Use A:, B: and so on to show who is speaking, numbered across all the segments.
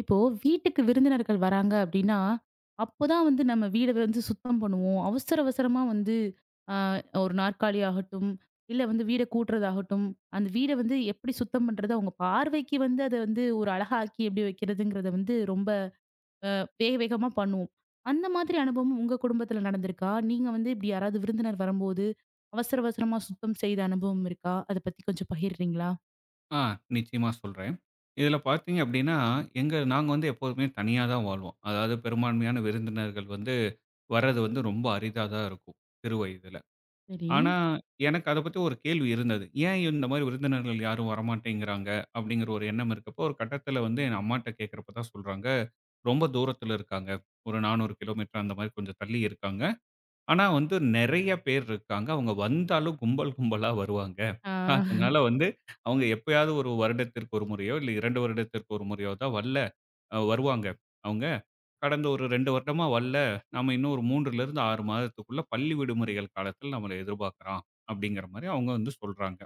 A: இப்போ, வீட்டுக்கு விருந்தினர்கள் வராங்க அப்டின்னா, அப்போதான் வந்து நம்ம வீட வந்து சுத்தம் பண்ணுவோம், அவசர அவசரமா வந்து, அ 1 நாற்காலியாகட்டும், இல்ல வந்து வீட கூட்றதாகட்டும், அந்த வீட வந்து எப்டி சுத்தம் பண்ணுறது, அவுங்க பார்வைக்கு வந்து, அத வந்து ஒரு அழகாக்கி எப்டி வைக்கிறதுங்கிறத வந்து, ரொம்ப அ வேக வேகமா பண்ணுவோம். அந்த மாதிரி அனுபவமும் உங்க குடும்பத்தில நடந்திருக்கா? நீங்க வந்து இப்டி யாராவது விருந்தினர் வரம்போது, அவசர அவசரமா சுத்தம் செய்த அனுபவம் இருக்கா? அத பத்தி கொஞ்சம் பகிர்றீங்களா?
B: ஆ, நிச்சியமா சொல்றேன். இதில பார்த்தீங்க அப்டின்னா, எங்க நாங்க வந்து, எப்போதுமே தனியா தான் வாழ்வோம். அதாவது பெரும்பான்மையான விருந்தினர்கள் வந்து, வரது வந்து ரொம்ப அரிதா தான் இருக்கும். சிறு வயதில.
A: சரி.
B: ஆனா, எனக்கு அத பத்தி ஒரு கேள்வி இருந்தது. ஏன் இந்த மாரி விருந்தினர்கள் யாரும் வரமாட்டேங்கிறாங்க? அப்டிங்கிற ஒரு எண்ணம் இருக்கப்போ, ஒரு கட்டத்தில வந்து, எங்க அம்மாட்ட கேக்கிறப்போ தான் சொல்றாங்க, ரொம்ப தூரத்தில இருக்காங்க. ஒரு 400 கிலோமீட்டர், அந்த மாரி கொஞ்சம் தள்ளி இருக்காங்க. ஆனா வந்து, நெறைய பேர் இருக்காங்க. அவுங்க வந்தாலும், கும்பல் கும்பலா வருவாங்க.
A: ஆ.
B: அதனால வந்து, அவுங்க எப்பயாவது 1 வருடத்திற்கு 1 முறையோ, இல்ல 2 வருடத்திற்கு 1 முறையோ தான் வல்ல, அ வருவாங்க அவுங்க. கடந்த ஒரு 2 வருடமா வல்ல. நாம இன்னும் ஒரு 3லிருந்து 6 மாதத்துக்குள்ள, பள்ளி விடுமுறைகள் காலத்தில, நம்மள எதிர்பாக்கலாம். அப்டிங்கிற மாரி அவுங்க வந்து சொல்றாங்க.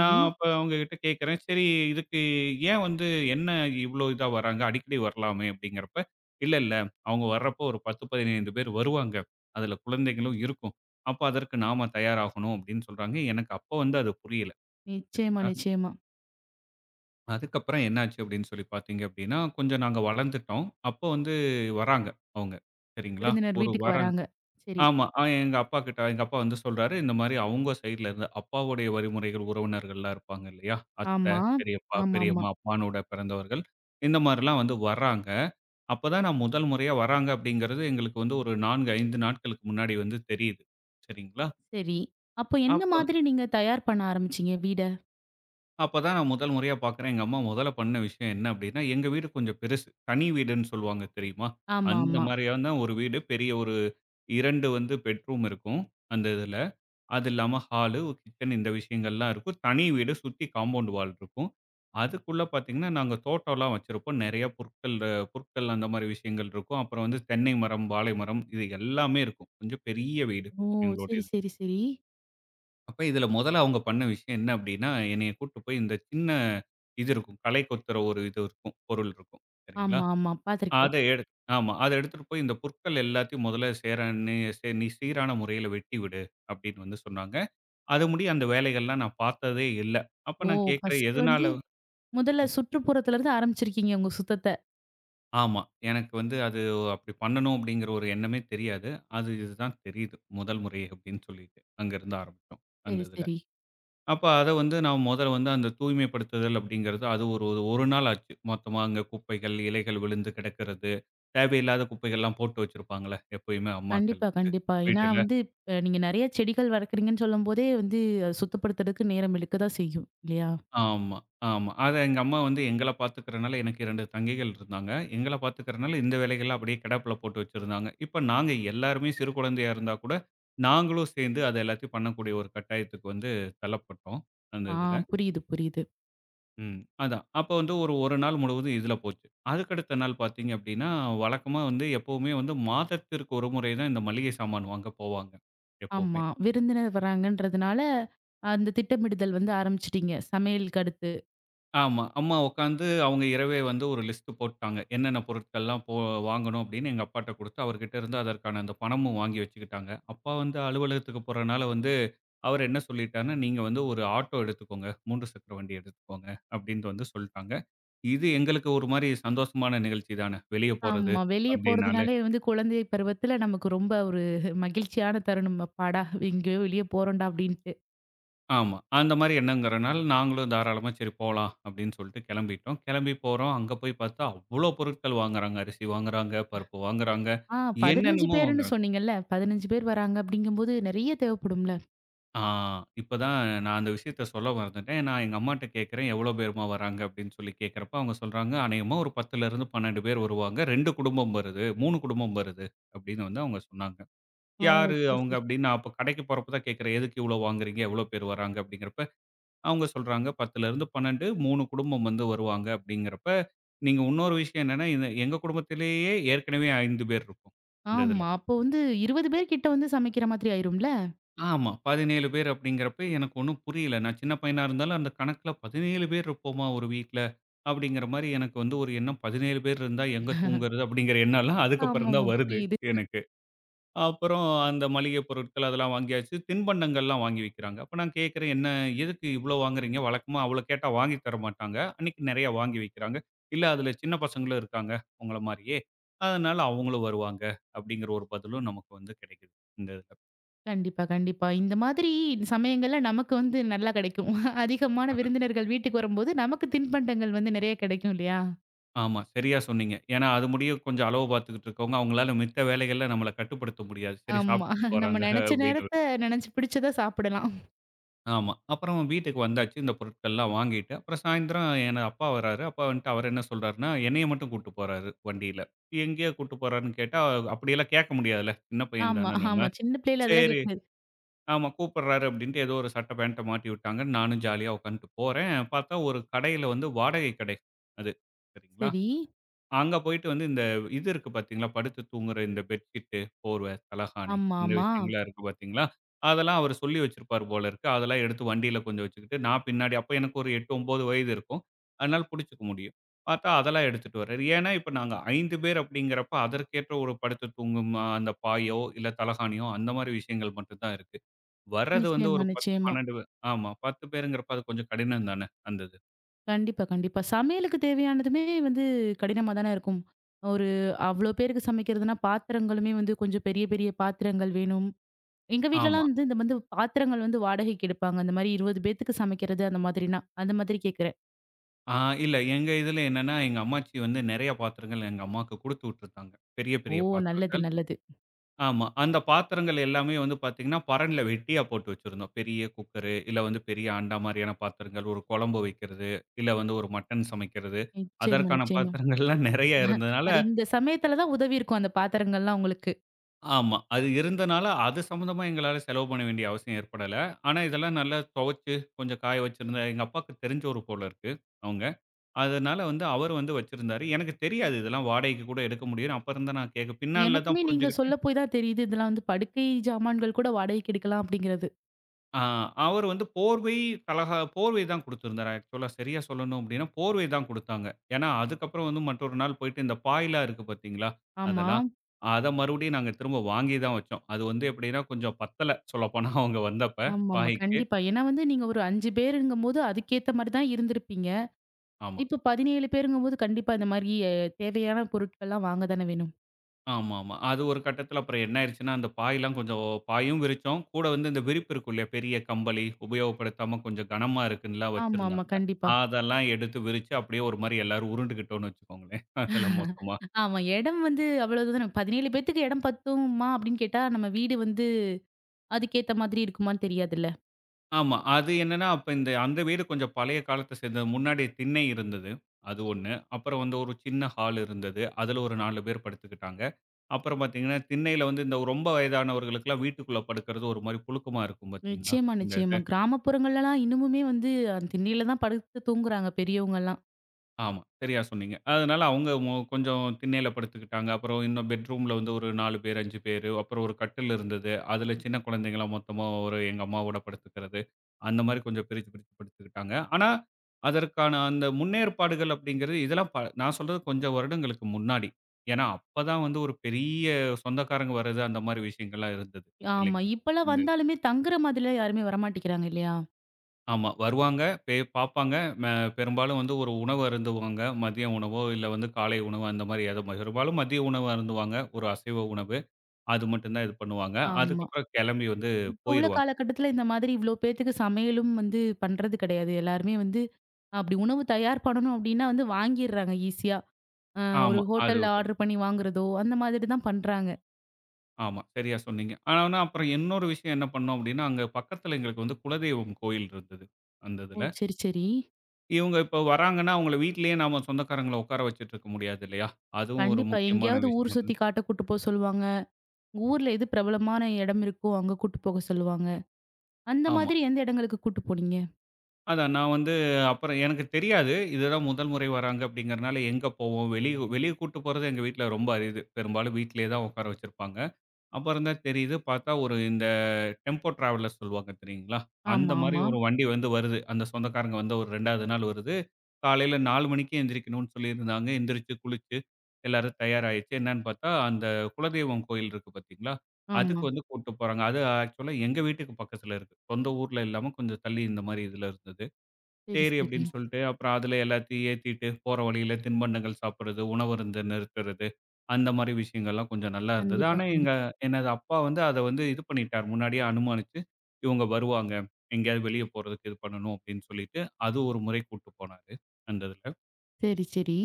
B: நான் அப்ப அவங்ககிட்ட கேக்கிறேன், சரி இதுக்கு ஏன் வந்து என்ன இவ்ளோ இதா வராங்க? அடிக்கடி வரலாமே, அப்டிங்கறப்ப, இல்ல, இல்ல, அவுங்க வர்றப்ப ஒரு 10, 15 பேர் வருவாங்க. அதில குழந்தைகளும் இருக்கும். அப்ப அதற்கு நாம தயாராகனும். அப்டின்னு சொல்றாங்க. எனக்கு அப்ப வந்து அது புரியல.
A: நிச்சயமா,
B: சரிங்களா?
A: நிச்சயமா.
B: அதுக்கப்புறம் என்னாச்சு அப்டின்னு சொல்லி பார்த்திங்க அப்டின்னா, கொஞ்சம் நாங்க வளர்ந்துட்டோம். அப்போ வந்து வராங்க அவுங்க, சரிங்களா?
A: விருந்தினர்
B: ஒரு
A: வீட்டுக்கு
B: வரன்.
A: வராங்க, சரி.
B: ஆமா எங்க அப்பாக்கிட்ட எங்க அப்பா வந்து சொல்றாரு இந்த மாதிரி அவங்க சைடிலருந்து, அப்பாவுடைய வழிமுறைகள் உறவினர்கள் எல்லாம் இருப்பாங்க இல்லையா? அத்தை,
A: ஆமா,
B: பெரியப்பா,
A: ஆமாமா.
B: பெரியம்மா, அப்பானோட பிறந்தவர்கள் இந்த மாரிலாம் வந்து வராங்க. அப்போ தான் நான் முதல் முறையா வர்றாங்க அப்படிங்கிறது எங்களுக்கு வந்து ஒரு 4 5 நாட்களுக்கு முன்னாடி வந்து தெரியுது, சரிங்களா?
A: சரி. அப்ப என்ன
B: அப்ப
A: மாதிரி நீங்க தயார் பண்ண ஆரம்பிச்சீங்க, வீட?
B: அப்ப தான் நான் முதல் முறையா பார்க்றேன். எங்க அம்மா முதல்ல பண்ண விஷயம் என்ன அப்டின்னா, எங்க வீடு கொஞ்சம் பெருசு. தனி வீடுன்னு சொல்வாங்க தெரியுமா? அந்த
A: ஆமாம்மா.
B: மாரியான ஒரு வீடு. பெரிய ஒரு 2 வந்து பெட் ரூம் இருக்கும். அந்த இதுல. அது இல்லாம, ஹாலு ஒரு கிச்சன் இந்த விஷயங்கள்லாம் இருக்கும். தனி வீடு சுத்தி காம்பவுண்ட் வால் இருக்கும். அதுக்குள்ள பார்த்தீங்கன்னா, நாங்க தோட்டம்லாம் வச்சிருப்போம். நெறைய புற்கள் புற்கள் அந்த மாரி விஷயங்கள் இருக்கும். அப்புறம் வந்து தென்னை மரம், வாழை மரம் இது எல்லாமே இருக்கும். கொஞ்சம் பெரிய வீடு
A: ஓ! சரி
B: எங்களுடையது.
A: சரி சரி.
B: அப்ப இதுல மொதல்ல அவுங்க பண்ண விஷயம் என்ன அப்படின்னா, என்னை கூட்டிட்டு போய் இந்த சின்ன இது இருக்கும், களை கொத்துற ஒரு இது இருக்கும், பொருள் இருக்கும் சரிங்களா?
A: ஆமா ஆமா,
B: அத
A: பார்த்துருக்கேன்.
B: எடுத் ஆமா "அத எடுத்துட்டு போய், இந்த புற்கள் எல்லாத்தையும் மொதல்ல சேரான நீ சீரான முறையில வெட்டிவிடு" அப்படின்னு வந்து சொன்னாங்க. அத முடி அந்த வேலைகள்லாம் நான் பார்த்ததே இல்ல. அப்ப
A: ஓ
B: நான் கேக்குறேன்
A: ஃபர்ஸ்ட்டு
B: எதனால
A: வந்து முதல்ல
B: ம்.
A: சுற்றுப்புறத்துலருந்து ஆரம்பிச்சிருக்கீங்க உங்க சுத்தத்த.
B: ஆமா. எனக்கு வந்து அது ஓ! அப்படி பண்ணணும், அப்பிடீன்கிற ஒரு எண்ணமே தெரியாது. அது இது தான் தெரியுது. முதல் முறை அப்பிடீன்னு சொல்லிட்டு, அங்கே இருந்து ஆரம்பிச்சோம், அந்த
A: சரி,
B: இதில.
A: சரி.
B: அப்ப அதை வந்து நாம முதல்ல வந்து, அந்த தூய்மைப்படுத்துதல் அப்பிடீங்கிறது அது ஒரு ஒரு ஒரு நாள் ஆச்சு. மொத்தமா அங்கே குப்பைகள், இலைகள் விழுந்து கிடக்கிறது. தேவையில்லாத குப்பைகள்லாம் போட்டு வைச்சிருப்பாங்கள்ல? எப்பயுமே அம்மாக்கள்
A: கண்டிப்பா. கண்டிப்பா. ஏன்னா
B: வீட்டுல.
A: வந்து இப்ப நீங்க நெறைய செடிகள் வளர்க்குறீங்கன்னு சொல்லும்போதே, வந்து அது சுத்தப்படுத்துறதுக்கு, நேரம் இழுக்க தான் செய்யும், இல்லையா?
B: ஆமா, ஆமா. அதா எங்க அம்மா வந்து எங்கள பாத்துக்கிறதுனால எனக்கு 2 தங்கைகள் இருந்தாங்க. எங்கள்ல பாத்துக்கிறதுனால இந்த வேலைகள்லாம் அப்பிடியே கிடப்பில போட்டு வச்சிருந்தாங்க. இப்போ நாங்க எல்லோருமே சிறு குழந்தையா இருந்தா கூட, நாங்களும் சேர்ந்து அதை எல்லாத்தையும் பண்ணக்கூடிய ஒரு கட்டாயத்துக்கு வந்து தள்ளப்பட்டோம். அந்த
A: ஆ.
B: இதில.
A: புரியுது, புரியுது.
B: ம். அதான் அப்போ வந்து ஒரு 1 நாள் முழுவதும் இதில போச்சு. அதற்கு அடுத்த நாள் பாத்தீங்க அப்பிடீன்னா, வழக்கமா வந்து எப்பவுமே வந்து மாதத்திற்கு 1 முறை தான் இந்த மளிகை சாமான் வாங்க போவாங்க, எப்பவுமே.
A: ஆமா. விருந்தினர் வராங்கன்றதுனால அந்த திட்டமிடுதல் வந்து ஆரம்பிச்சுட்டீங்க, சமையலுக்கு அடுத்து.
B: ஆமா. அம்மா உட்காந்து அவங்க இரவே வந்து, ஒரு லிஸ்ட் போட்டுட்டாங்க. என்னென்ன பொருட்கள்லாம் போ வாங்கணும் அப்பிடீன்னு, எங்க அப்பாட்ட குடுத்து, அவர்கிட்ட இருந்து அதற்கான அந்த பணமும் வாங்கி வச்சுக்கிட்டாங்க. அப்பா வந்து அலுவலகத்துக்கு போறனால வந்து அவர் என்ன சொல்லிட்டார்ன்னா, "நீங்க வந்து ஒரு ஆட்டோ எடுத்துக்கோங்க. 3 சக்கர வண்டி எடுத்துக்கோங்க" அப்டின்ட்டு வந்து சொல்லிட்டாங்க. இது எங்களுக்கு ஒரு மாரி சந்தோஷமான நிகழ்ச்சி தானே, வெளியே போறது
A: ஆமா. வெளிய
B: அப்டின்னாலே.
A: போறதுனாலே வந்து குழந்தை பருவத்தில நமக்கு ரொம்ப ஒரு மகிழ்ச்சியான தருணம். "அப்பாடா எங்கேயோ வெளிய போறோம்டா" அப்பிடீன்ட்டு.
B: ஆமா. அந்தமாரி எண்ணங்கரனால நாங்களும் தாராளமா சரி போலாம் அப்பிடின்னு சொல்ட்டு கெளம்பிட்டோம். கெளம்பி போறோம், அங்க போய் பாத்தா அவ்ளோ பொருட்கள் வாங்குறாங்க. அரிசி வாங்குகிறாங்க, பருப்பு வாங்குறாங்க,
A: ஆ, 15
B: என்னென்னமோ
A: பேருன்னு
B: வாங்குறாங்க.
A: சொன்னீங்கல்ல, 15 பேரு வராங்க அப்பிடிங்கம்போது நிறைய தேவப்படும்ல?
B: ஆ, இப்பதான் நான் அந்த விஷயத்த சொல்ல மறந்துட்டேன். நான் எங்க அம்மாட்ட கேக்குறேன், எவ்ளோ பேருமா வராங்க? அபிப்டின்னு சொல்லி கேக்குறப்ப அவுங்க சொல்றாங்க, அநேகமா ஒரு 10 ல இருந்து 12 பேர் வருவாங்க 2 குடும்பம் வருது, 3 குடும்பம் வருது, அப்பிடின்னு வந்து அவுங்க சொன்னாங்க.
A: ஆ, ஓ!
B: யாரு
A: சரி,
B: அவுங்க?
A: சரி.
B: அப்பிடின்னு அப்ப கடைக்கு போறப்ப தான் கேக்கறேன். எதுக்கு இவ்ளோ வாங்குறீங்க? எவ்ளோ பேரு வராங்க? அப்பிடிங்கறப்ப அவுங்க சொல்றாங்க 10 ல இருந்து 12, 3 குடும்பம் வந்து வருவாங்க, அப்பிடிங்கிறப்ப நீங்க இன்னொரு விஷயம் என்னன்னா என எங்க குடும்பத்திலேயே ஏற்கனவே 5 பேர் இருக்கோம். இந்த இதுல.
A: ஆமா, அப்போ வந்து 20 பேர்க்கிட்ட வந்து சமைக்கிற மாதிரி ஆயிரும்ல.
B: ஆமா, 17 பேரு அப்பிடிங்கிறப்ப எனக்கு ஒன்னும் புரியல. நான் சின்ன பையனா இருந்தாலும் அந்த கணக்குல 17 பேரு இருப்போமா! ஒரு வீட்ல. அப்பிடிங்கிறமாரி எனக்கு வந்து ஒரு எண்ணம் 17 பேரு இருந்தா எங்க தூங்குறது அப்பிடிங்கிற எண்ணலாம்
A: ஆமா, ஆமா.
B: அதுக்கப்பறந்தான் வருது
A: புரியுது.
B: எனக்கு, அப்பறம் அந்த மளிகைப் பொருட்கள் அதெல்லாம் வாங்கியாச்சு. தின்பண்டங்கள்லாம் வாங்கி வைக்கிறாங்க. அப்ப நான் கேட்கிறேன் "என்ன? எதுக்கு இவ்ளோ வாங்குகிறீங்க?" வழக்கமா அவ்ள கேட்டா வாங்கி தரமாட்டாங்க. அன்னக்கி நெறையா வாங்கி வைக்கிறாங்க. இல்ல அதுல சின்ன பசங்களும் இருக்காங்க உங்கள மாரியே! அதனால அவுங்களும் வருவாங்க அப்பிடிங்கிற ஒரு பதிலும் நமக்கு வந்து கெடைக்குது. இந்த இதுல.
A: கண்டிப்பா கண்டிப்பா, இந்த மாதிரி சமயங்கள்ல நமக்கு வந்து நல்லா கெடைக்கும். அதிகமான
B: அதான்.
A: விருந்தினர்கள் வீட்டுக்கு வரும்போது நமக்கு தின்பண்டங்கள் வந்து நெறைய கெடைக்கும் இல்லையா?
B: ஆமா சரியா சொன்னீங்க. ஏன்னா அது முடிய கொஞ்சம் அளவு பார்த்துக்கிட்டு இருக்குறவங்க. அவங்களால மித்த வேலைகள்ல நம்மள கட்டுப்படுத்த முடியாது. சரி
A: ஆமா,
B: சாப்ட்டுட்டு
A: நம்ம
B: போறாங்க
A: நெனைச்ச
B: அப்டின்னு.
A: நேரத்த நெனைச்சு பிடிச்சத சாப்டலாம்.
B: ஆமா. அப்புறம் வீட்டுக்கு வந்தாச்சு இந்த பொருட்கள்லாம் வாங்கிட்டு. அப்புறம் சாயந்திரம் என் அப்பா வராரு. அப்பா வந்துட்டு அவரு என்ன சொல்றாருன்னா, என்னைய மட்டும் கூட்டு போறாரு வண்டில. எங்கேயோ கூட்டு போறாருன்னு கேட்டா அப்டியெல்லாம் கேக்க முடியாதுல, சின்ன பையன்
A: ஆமா
B: தான
A: ஆமா.
B: நம்ம.
A: சின்ன பிள்ளைல அதெல்லாம்
B: சேரி,
A: கேட்டது.
B: ஆமா கூப்ட்றாரே அப்டின்னு ஏதோ ஒரு சட்ட பாண்ட்‌ட மாட்டி விட்டாங்கன்னு நானும் ஜாலியா உட்கார்ந்துட்டு போறேன். பார்த்தா ஒரு கடையில வந்து வாடகை கடை அது சரிங்களா!
A: சரி.
B: அங்க போய்ட்டு வந்து இந்த இது இருக்கு பார்த்தீங்களா, படுத்து தூங்குற இந்த பெட்ஷீட்டு, போர்வை, தலகாணி
A: ஆமா,
B: இந்த
A: ஆமா.
B: விஷயங்கள்லாம் இருக்கு பார்த்தீங்களா! அதெல்லாம் அவரு சொல்லி வச்சிருப்பாரு போலிருக்கு. அதெல்லாம் எடுத்து வண்டியில கொஞ்சம் வச்சுகிட்டு, நான் பின்னாடி அப்போ எனக்கு ஒரு 8, 9 வயது இருக்கும். அதனால புடிசிச்சுக்க முடியும். பார்த்தா அதெல்லாம் எடுத்துட்டுவராரு. ஏன்னா, இப்போ நாங்க 5 பேரு அப்டிங்கிறப்ப அதற்கேற்ற ஒரு படுத்து தூங்கும், அந்த பாயோ இல்ல தலகாணியோ அந்த மாரி விஷயங்கள் மட்டும் தான் இருக்கு. வர்றது வந்து
A: நிச்சயமா,
B: ஒரு 10
A: நிச்சயமா.
B: 12 ஆமா 10 பேருங்கிறப்ப அது கொஞ்சம் கடினம் தான அந்த இது.
A: கண்டிப்பா, கண்டிப்பா. சமையலுக்கு தேவையானதுமே வந்து கடினமா தான இருக்கும். ஒரு அவ்ளோ பேருக்கு சமைக்கிறதுனா பாத்திரங்களுமே வந்து கொஞ்சம் பெரிய, பெரிய பாத்திரங்கள் வேணும். எங்க
B: ஆமா.
A: வீட்லலாம் வந்து வந்து பாத்திரங்கள் வந்து வாடகைக்கு எடுப்பாங்க. அந்தமாரி 20 பேத்துக்கு சமைக்கிறது அந்த மாதிரினா. அந்த மாதிரி கேட்கிறேன்.
B: ஆ. இல்ல எங்க இதில என்னன்னா, எங்க அம்மாச்சி வந்து நெறையா பாத்திரங்கள் எங்க அம்மாவுக்கு குடுத்துவிட்டுருந்தாங்க. பெரிய,
A: ஓ!
B: பெரிய
A: நல்லது,
B: பாத்திரங்கள்.
A: நல்லது.
B: ஆமா. அந்த பாத்திரங்கள் எல்லாமே வந்து பார்த்தீங்கன்னா பரண்ல வெட்டியா போட்டு வச்சிருந்தோம். பெரிய குக்கரு, இல்ல வந்து பெரிய அண்டா மாரியான பாத்திரங்கள். ஒரு குழம்பு வைக்கிறது, இல்ல வந்து ஒரு மட்டன் சமைக்கிறது.
A: நிச்சயமா,
B: அதற்கான
A: நிச்சயமா
B: பாத்திரங்கள் எல்லாம் நெறைய இருந்ததனால
A: அது இந்த சமயத்தில தான் உதவியிருக்கும் அந்த பாத்திரங்கள்லாம் உங்களுக்கு.
B: ஆமா. அது இருந்ததால அது சம்பந்தமா எங்களால செலவு பண்ண வேண்டிய அவசியம் ஏற்படல. ஆனா இதெல்லாம் நல்லா தொவச்சி, கொஞ்சம் காய வச்சிருந்தா, எங்க அப்பாவுக்கு தெரிந்தவரு போல இருக்கு அவுங்க. அதனால வந்து அவரு வந்து வச்சிருந்தாரு. எனக்கு தெரியாது இதெல்லாம் வாடகைக்கு கூட எடுக்க முடியுன்னு. அப்ப இருந்து நான் கேட்க பின்னாள்ல தான்
A: எனக்குமே நீங்க சொல்ல
B: புரிஞ்சிகிட்டேன்.
A: போயி தான் தெரியுது, இதெல்லாம் வந்து படுக்கை ஜாமான்கள் கூட வாடகைக்கு எடுக்கலாம் அப்பிடிங்கிறது.
B: ஆ. அவரு வந்து போர்வை தலகா போர்வை தான் குடுத்திருந்தாரு. ஆக்ஷூவலா சரியா சொல்லணும் அப்பிடின்னா போர்வை தான் குடுத்தாங்க. ஏன்னா அதுக்கு அப்புறம் வந்து மற்றொரு நாள் போயிட்டு இந்த பாய்லாம் இருக்கு பார்த்தீங்களா?
A: ஆமா.
B: அதெல்லாம் அத மறுபடியும் நாங்க திரும்ப வாங்கி தான் வச்சோம். அது வந்து எப்பிடினா கொஞ்சம் பத்தல சொல்லப்போனா அவுங்க வந்தப்ப
A: ஆமாமா.
B: பாயிக்கு.
A: கண்டிப்பா! ஏன்னா வந்து நீங்க ஒரு 5 பேருங்கம்போது அதுக்கேத்த மாரிதான் இருந்திருப்பீங்க.
B: ஆமா.
A: இப்போ 17 பேருங்கம்போது கண்டிப்பா இந்தமாரி எ தேவையான பொருட்கள்லாம் வாங்க தான வேணும்.
B: ஆமா, ஆமா. அது ஒரு கட்டத்தில அப்பறம் என்ன ஆயிருச்சுன்னா, அந்த பாய்லாம் கொஞ்சம் பாயும் விரிச்சோம். கூட வந்து இந்த விரிப்பு இருக்கும் இல்லயா! பெரிய கம்பளி உபயோகப்படுத்தாம கொஞ்சம் கனமா இருக்குன்ல்லாம்
A: ஆமா, ஆமா,
B: வச்சிருந்தாங்க.
A: கண்டிப்பா.
B: அதெல்லாம் எடுத்து விரிச்சு, அப்பிடியே ஒருமாரி எல்லாரும் உருண்டுகிட்டோன்னு வச்சுக்கோங்களேன் அதுல மொத்தமா.
A: ஆமா, இடம் வந்து அவ்ளோதான, 17 பேருக்கு இடம் பத்துமா அப்பிடின்னு கேட்டா, நம்ம வீடு வந்து அதுக்கேத்த மாதிரி இருக்குமான்னு, தெரியாதுல்ல!
B: ஆமா, அது என்னன்னா, அப்ப இந்த அந்த வீடு கொஞ்சம் பழைய காலத்த சேர்ந்தது. முன்னாடி திண்ணை இருந்தது. அது 1 அப்புறம் வந்து ஒரு சின்ன ஹாலு இருந்தது. அதில ஒரு 4 பேர் படுத்துக்கிட்டாங்க. அப்புறம் பார்த்தீங்கன்னா, திண்ணையில வந்து ரொம்ப வயதானவர்களுக்குலாம் வீட்டுக்குள்ள படுக்கிறது ஒருமாரி புழுக்கமா இருக்கும். பார்த்தீங்களா?
A: நிச்சயமா,
B: இந்த
A: நிச்சயமா
B: இது.
A: கிராமப்புறங்கள் எல்லாம் இன்னமுமே வந்து அந்த திண்ணையில தான், படுத்து தூங்குறாங்க பெரியவங்கள்லாம்.
B: ஆமா, சரியா சொன்னீங்க. அதனால அவுங்க அ கொஞ்சம் திண்ணையில படுத்துக்கிட்டாங்க, அப்புறம் இன்னும் பெட்ரூம்‌ ல வந்து ஒரு 4 பேர், 5 பேரு. அப்புறம் ஒரு கட்டில் இருந்தது. அதில சின்ன குழந்தைகள்லாம் மொத்தமா ஒரு எங்க அம்மாவோட படுத்துக்கிறது. அந்த மாதிரி கொஞ்சம் பிரிச்சு, பிரிச்சு படுத்துக்கிட்டாங்க. ஆனா அதற்கான அந்த முன்னேற்பாடுகள் அப்பிடிங்கிறது இதெல்லாம் ப நான் சொல்றது கொஞ்சம் வருடங்களுக்கு முன்னாடி. ஏன்னா, அப்ப தான் வந்து ஒரு பெரிய சொந்தக்காரங்க வரது அந்தமாரி விஷயங்கள்லாம் இருந்தது.
A: ஆமா,
B: இல்லேங்களா?
A: இப்பலாம்
B: [unintelligible]
A: வந்தாலுமே தங்குற மாதிரிலாம் யாருமே வரமாட்டிக்கிறாங்க, இல்லயா?
B: ஆமா வருவாங்க. பெ பாப்பாங்க. ம பெரும்பாலும் வந்து ஒரு உணவு அருந்துவாங்க. மதிய உணவோ, இல்ல வந்து காலை உணவோ, அந்த மாரி ஏதோ, பெரும்பாலும் மதிய உணவு அருந்துவாங்க. ஒரு அசைவ உணவு. அது மட்டும் தான் இது பண்ணுவாங்க.
A: ஆமா.
B: அதுக்கப்றம் கெளம்பி வந்து,
A: இப்ப உள்ள
B: போயிருவாங்க.
A: காலக்கட்டத்தில இந்த மாதிரி, இவ்ளோ பேத்துக்கு சமையலும் வந்து, பண்றது கெடையாது. எல்லாருமே வந்து, அப்டி உணவு தயார் பண்ணணும் அப்டின்னா வந்து, வாங்கிர்றாங்க ஈஸியா. அ, ஒரு
B: ஆமா அது
A: ஹோட்டல்ல ஆர்டர் பண்ணி வாங்குறதோ, அந்த மாதிரி தான் பண்றாங்க.
B: ஆமா. சரியா சொன்னீங்க. ஆனாவுன்னா, அப்புறம் இன்னொரு விஷயம், என்ன பண்னோம் அப்டின்னா, அங்க பக்கத்தில எங்களுக்கு வந்து, குலதெய்வம் கோயில் இருந்தது. அந்த
A: ஓ,
B: இதில.
A: சரி சரி,
B: இவுங்க இப்போ வராங்கன்னா, அவுங்கள வீட்டிலயே, நம்ம சொந்தக்காரங்கள உக்கார வச்சிட்ருக்க முடியாது இல்லையா? அதுவும் ஒரு
A: கண்டிப்பா.
B: முக்கியமான
A: எங்கயாவது ஊரு சுத்தி
B: விஷயம்.
A: காட்ட கூட்டுபோக சொல்வாங்க. ஊரில எது பிரபலமான இடம் இருக்கோ, அங்க கூட்டு போக சொல்லுவாங்க. அந்த
B: ஆமா.
A: மாதிரி எந்த எடங்களுக்கு கூட்டு போனீங்க?
B: அதான், நான் வந்து, அப்பறம் எனக்கு தெரியாது. இதுதான் முதல் முறை வராங்க அப்படிங்கிறதனால, எங்க போவோம், வெளியு வெளிய கூட்டு போறது எங்க வீட்ல் ரொம்ப அரிது. பெரும்பாலும் வீட்லயே தான் உக்கார வச்சிருப்பாங்க. அப்பறம் தான் தெரியுது, பாத்தா ஒரு இந்த, டெம்போ டிராவலர் சொல்வாங்க தெரியுங்களா? அந்த மாரி
A: ஆமாமா.
B: ஒரு வண்டி வந்து வருது. அந்த சொந்தக்காரங்க வந்த ஒரு 2 வது நாள் வருது. காலைல 4 மணிக்கு எந்திரிக்கணுன்னு சொல்லியிருந்தாங்க. எந்திரிச்சு, குளிச்சு, எல்லாரும் தயாராயிச்சு. என்னான்னு பாத்தா, அந்த குலதெய்வம் கோயில் இருக்கு பாத்தீங்களா, அதுக்கு
A: ஆமா.
B: வந்து கூட்டிட்டு போறாங்க. அது ஆக்சுவலா எங்க வீட்டுக்கு பக்கத்தில இருக்கு. சொந்த ஊர்ல இல்லாம, கொஞ்சம் தள்ளி இந்த மாரி இதில இருந்தது.
A: சரி
B: செரி
A: சரி.
B: அப்டின்னு சொல்ட்டு, அப்புறம் அதில எல்லாத்தையும் ஏத்திட்டு, போற வழியில தின்பண்டங்கள் சாப்பிடுறது, உணவருந்த நிறுத்துறது, அந்த மாரி விஷயங்கள்லாம் கொஞ்சம் நல்லா இருந்தது.
A: கண்டிப்பா,
B: ஆனா
A: கண்டிப்பா.
B: எங்க எனது அப்பா வந்து, அத வந்து, இது பண்ணிட்டார். முன்னாடியே அனுமானிச்சு, இவுங்க வருவாங்க. எங்கயாவது வெளிய போறதுக்கு இது பண்ணணும். அப்டின்னு சொல்லிட்டு, அது ஒரு முறை கூட்டு போனாரு. அந்த இதுல.
A: சரி, சரி.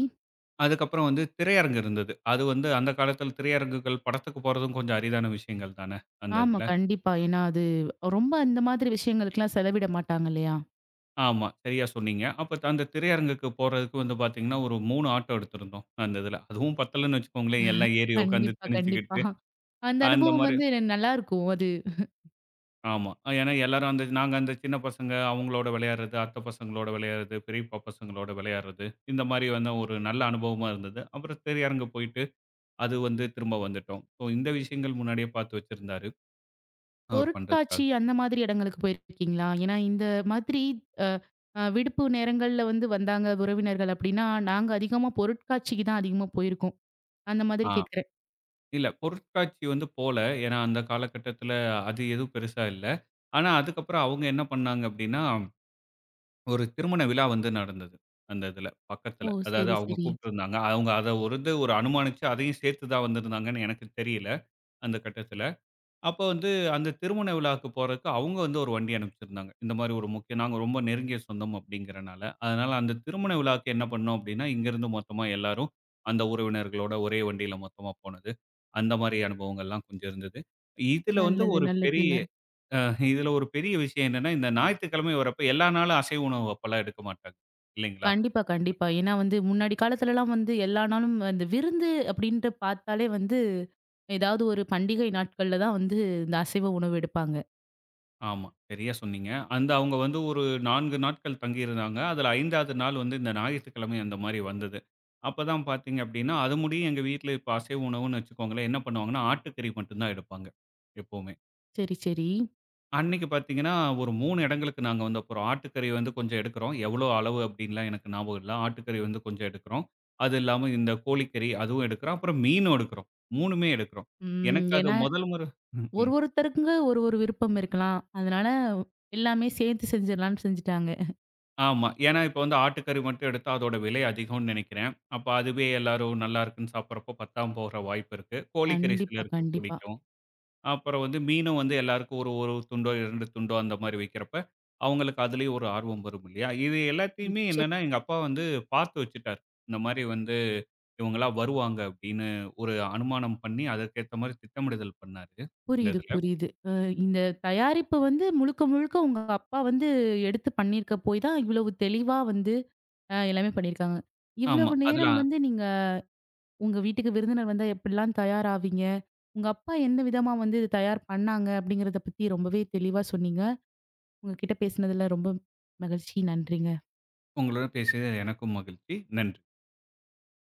B: அதுக்கப்புறம் வந்து திரையரங்கு இருந்தது. அது வந்து அந்த காலத்தில திரையரங்குகள் படத்துக்கு போறதும் கொஞ்சம் அரிதான விஷயங்கள் தான, அந்த
A: ஆமா.
B: இதில.
A: கண்டிப்பா. ஏன்னா, அது ரொம்ப அந்த மாதிரி விஷயங்களுக்குலாம் செலவிட மாட்டாங்க இல்லயா!
B: ஆமா. சரிய சொன்னீங்க. அப்போ அந்த திரையரங்குக்கு போறதுக்கு வந்து பார்த்தீங்கன்னா, ஒரு 3 ஆட்டோ எடுத்திருந்தோம். அந்த இதில. அதுவும் பத்தலன்னு வச்சிக்கோங்களேன், எல்லாம் ஏறி உட்கார்ந்து
A: கண்டிப்பா, கண்டிப்பா.
B: திணிச்சிக்கிட்டு,
A: அந்த அனுபவம்
B: அந்தமாரி.
A: வந்து என்ன நல்லாயிருக்கும். அது.
B: ஆமா. ஏன்னா, எல்லாரும் நாங்க அந்த சின்ன பசங்க அவங்களோட விளையாட்றது, அத்த பசங்களோட விளையாட்றது, பெரியப்பா பசங்களோட விளையாட்றது, இந்தமாரி வந்து ஒரு நல்ல அனுபவமா இருந்தது. அப்புறம் திரையரங்கு போயிட்டு, அது வந்து திரும்ப வந்துட்டோம். சோ, இந்த விஷயங்கள் முன்னாடியே பார்த்து வச்சிருந்தாரு. அவரு பண்றதுக்காக.
A: பொருட்காட்சி அந்த மாதிரி இடங்களுக்கு போயிருக்கீங்களா? ஏன்னா, இந்த மாதிரி அ அ விடுப்பு நேரங்கள்ல வந்து வந்தாங்க உறவினர்கள் அப்பிடின்னா, நாங்க அதிகமா பொருட்காட்சிக்கு தான் அதிகமா போயிருக்கோம். அந்த மாதிரி
B: ஆ,
A: கேட்கிறேன்.
B: இல்ல பொருட்காட்சி வந்து போல. ஏன்னா, அந்த காலகட்டத்துல அது எதுவும் பெரிசா இல்ல. ஆனா, அதுக்கப்பறம் அவுங்க என்ன பண்ணாங்க அப்பிடின்னா, ஒரு திருமண விழா வந்து நடந்தது. அந்த இதில
A: ஓ!
B: பக்கத்தில. அதாவது
A: சரி,
B: அவுங்க
A: சரி.
B: கூப்டுருந்தாங்க. அவுங்க அத ஒரு இது அனுமானுச்சு அதையும் சேர்த்து தான் வந்திருந்தாங்கன்னு எனக்கு தெரியல. அந்த கட்டத்தில. அப்ப வந்து, அந்த திருமண விழாவுக்கு போறதுக்கு அவுங்க வந்து ஒரு வண்டி அனுப்பிச்சிருந்தாங்க. இந்தமாரி ஒரு முக்கியம் நாங்க ரொம்ப நெருங்கிய சொந்தம் அப்பிடிங்கிறனால. அதனால அந்த திருமண விழாவுக்கு என்ன பண்னோம் அப்பிடின்னா, இங்க இருந்து மொத்தமா எல்லாரும் அந்த உறவினர்களோட ஒரே வண்டியில மொத்தமா போனது. அந்த மாரி அனுபவங்கள்லாம் கொஞ்சம் இருந்தது. இதில வந்து
A: நல்லது,
B: ஒரு பெரிய
A: நல்லதுங்க.
B: ஆ இதில ஒரு பெரிய விஷயம் என்னன்னா, இந்த ஞாயித்துக்கிழமை இவரப் போய் எல்லா நாளும் அசைவு உணவு அப்பல்லாம் எடுக்க மாட்டாங்க. இல்லைங்களா?
A: கண்டிப்பா. கண்டிப்பா. ஏன்னா, வந்து முன்னாடி காலத்திலலாம் வந்து எல்லா நாளும், அந்த விருந்து அப்பிடின்டு பார்த்தாலே வந்து ஏதாவது ஒரு பண்டிகை நாட்கள்ல தான் வந்து இந்த அசைவ உணவு எடுப்பாங்க.
B: ஆமா, சரியா சொன்னீங்க. அந்த அவுங்க வந்து ஒரு 4 நாட்கள் தங்கி இருந்தாங்க. அதுல 5வது நாள் வந்து இந்த ஞாயித்துக்கிழமை அந்த மாரி வந்தது. அப்ப தான் பார்த்தீங்க அப்படின்னா அது முடியு எங்க வீட்ல இப்ப அசைவ உணவுன்னு வச்சுக்கோங்களேன், என்ன பண்ணுவாங்கன்னா ஆட்டுக்கறி மட்டும் தான் எடுப்பாங்க எப்பவுமே.
A: சரி, சரி.
B: அன்னைக்கு பார்த்தீங்கன்னா ஒரு 3 இடங்களுக்கு நாங்க வந்தப்புறம், ஆட்டுக்கறி வந்து கொஞ்சம் எடுக்குறோம். எவ்வளோ அளவு அப்படின்னுலாம் எனக்கு ஞாபகம் இல்ல. ஆட்டுக்கறி வந்து கொஞ்சம் எடுக்குறோம். அது இல்லாம இந்த கோழிக்கறி அதுவும் எடுக்குறோம், அப்புறம் மீனும் எடுக்குறோம். 3மே எடுக்குறோம்.
A: ம்.
B: எனக்கு அது
A: ஏன்னா
B: முதல் முறை ம்,
A: ஒரு
B: ம்.
A: ஒருத்தருக்கு ஒரு ஒரு விருப்பம் இருக்கலாம். அதனால எல்லாமே சேர்த்து செஞ்சிருலான்னு செஞ்சுட்டாங்க.
B: ஆமா, ஏன்னா இப்ப வந்து ஆட்டுக்கறி மட்டும் எடுத்தா அதோட விலை அதிகம்னு நினைக்கிறேன். அப்ப அதுவே எல்லோரும் நல்லாயிருக்குன்னு சாப்பிடறப்ப, பத்தாம போற வாய்ப்பிருக்கு. கோழிக்கறி
A: கண்டிப்பா,
B: சிலருக்கு
A: கண்டிப்பா.
B: புடிக்கும். அப்புறம் வந்து மீனும் வந்து எல்லோருக்கும் ஒரு 1 துண்டோ 2 துண்டோ அந்த மாரி வைக்கிறப்ப, அவங்களுக்கு அதிலயும் ஒரு ஆர்வம் வரும் இல்லையா! இது எல்லாத்தையுமே
A: நிச்ச
B: என்னன்னா எங்க அப்பா வந்து பார்த்து வச்சுட்டாரு. இந்த மாரி வந்து இவங்கலாம் வருவாங்க அப்படீன்னு ஒரு அனுமானம் பண்ணி அதற்கேத்த மாரி திட்டமிடுதல் பண்ணாரு, இந்த
A: புரியுது,
B: இதுல.
A: புரியுது. அ இந்த தயாரிப்பு வந்து முழுக்க முழுக்க உங்க அப்பா வந்து எடுத்து பண்ணிருக்க போய் தான் இவ்வளவு தெளிவா வந்து அ எல்லாமே பண்ணிருக்காங்க.
B: ஆமா,
A: இவ்வளவு நேரம்
B: அதுலாம்
A: வந்து நீங்க உங்க வீட்டுக்கு விருந்தினர் வந்தா, எப்படிலாம் தயார் ஆவீங்க. உங்க அப்பா எந்த விதமா வந்து இத தயார் பண்ணாங்க அப்படிங்கிறத பத்தி ரொம்பவே தெளிவா சொன்னீங்க. உங்க கிட்ட பேசுனதுல ரொம்ப மகிழ்ச்சி. நன்றிங்க.
B: உங்களுடன் பேசியதுல எனக்கும் மகிழ்ச்சி. நன்றி.